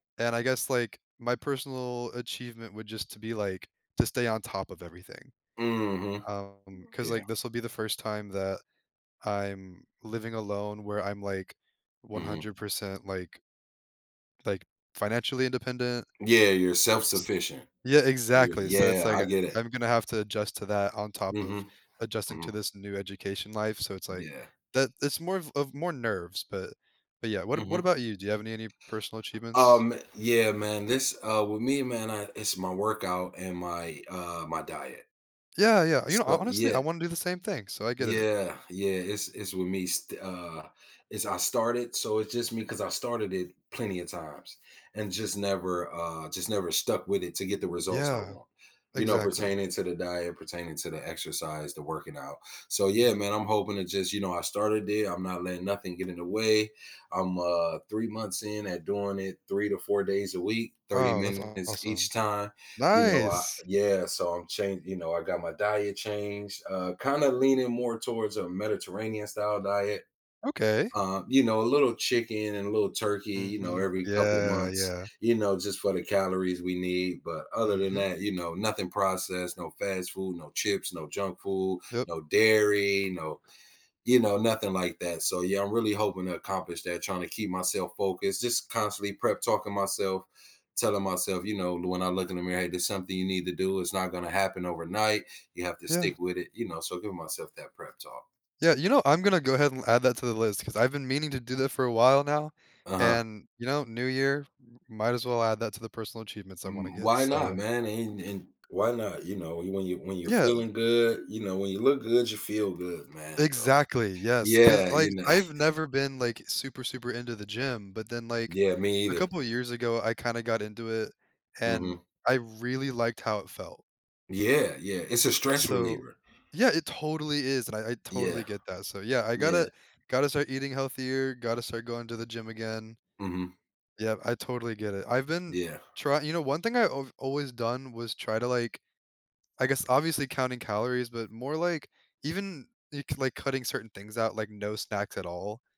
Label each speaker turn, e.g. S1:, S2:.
S1: And I guess, like, my personal achievement would just to be, like, to stay on top of everything,
S2: Mhm.
S1: um, 'cause,
S2: Yeah.
S1: like, this will be the first time that I'm living alone where I'm, like, one
S2: Mhm.
S1: hundred percent like like, financially independent.
S2: Yeah. You're self-sufficient.
S1: Yeah,
S2: You
S1: exactly. So, it's
S2: yeah,
S1: like,
S2: I
S1: uh,
S2: get it.
S1: I'm gonna have to adjust to that on top of
S2: Mhm.
S1: adjusting to
S2: Mhm.
S1: this new education life. So, it's, like,
S2: Yeah.
S1: that that's more of of more nerves, but but yeah. What what
S2: Mhm.
S1: about you? Do you have any any personal achievements?
S2: Um, yeah, man. This, uh, with me, man, I it's my workout and my, uh, my diet.
S1: Yeah, yeah. You know, ho
S2: So
S1: honestly, I
S2: yeah.
S1: wanna do the same thing, so, I get it.
S2: Yeah. Yeah. It's it's with me, st uh is I started so it's just me 'cause I started it plenty of times and just never, uh, just never stuck with it to get the results I
S1: Yeah.
S2: want, you know,
S1: Exactly.
S2: pertaining to the diet, pertaining to the exercise, the working out. So, yeah,
S1: Mhm.
S2: man, I'm hoping to just you know, I started it, I'm not letting nothing get in the way. I'm, uh, 3 months in at doing it 3 to 4 days a week, 30
S1: Oh, that's
S2: minutes each
S1: awesome.
S2: time, you know? Uh
S1: Nice!
S2: yeah, so, I'm chan you know, I got my diet changed, uh, kinda leaning more towards a Mediterranean-style diet,
S1: Okay.
S2: uh, you know, a little chicken and a little turkey, you know,
S1: Mhm.
S2: every couple
S1: Yeah,
S2: months,
S1: yeah.
S2: you know, just for the calories we need, but other than
S1: Mhm.
S2: that, you know, nothing processed, no fast food, no chips, no junk food,
S1: Yep.
S2: no dairy, no you know, nothing like that. So, yeah, I'm really hoping to accomplish that, trying to keep myself focused, just constantly prep-talking myself, telling myself, you know, lo when I look in the mirror, "Hey. There's something you need to do. It's not gonna happen overnight. You have to
S1: Yeah.
S2: stick with it." You know? So, I give myself that prep-talk.
S1: Yeah. You know, I'm gonna go ahead and add that to the list 'cause I've been meaning to do that for a while now.
S2: Uh-huh.
S1: And, you know, new year, m might as well add that to the personal achievements I wanna
S2: Mm.
S1: get,
S2: Why not,
S1: so
S2: man? And and why not? You know, when you when you
S1: Yeah.
S2: feeling good, you know, when you look good, you feel good, man. So,
S1: Exactly. Yes. 'Cause,
S2: yeah,
S1: like,
S2: you know.
S1: I've never been, like, super, super into the gym, but then, like,
S2: Yeah, me
S1: a
S2: either.
S1: couple years ago, I kinda got into it and
S2: Mhm.
S1: I really liked how it felt.
S2: Yeah, yeah. It's a stress
S1: So
S2: reliever.
S1: yeah, it totally is. And I I totally
S2: Yeah.
S1: get that. So yeah, I
S2: Yeah.
S1: gotta gotta start eating healthier, gotta start going to the gym again.
S2: Mhm.
S1: Yeah. I totally get it. I've been
S2: Yeah.
S1: try you know, one thing I I've always done was try to, like, I guess, obviously counting calories, but more, like, even, y like, cutting certain things out, like no snacks at all.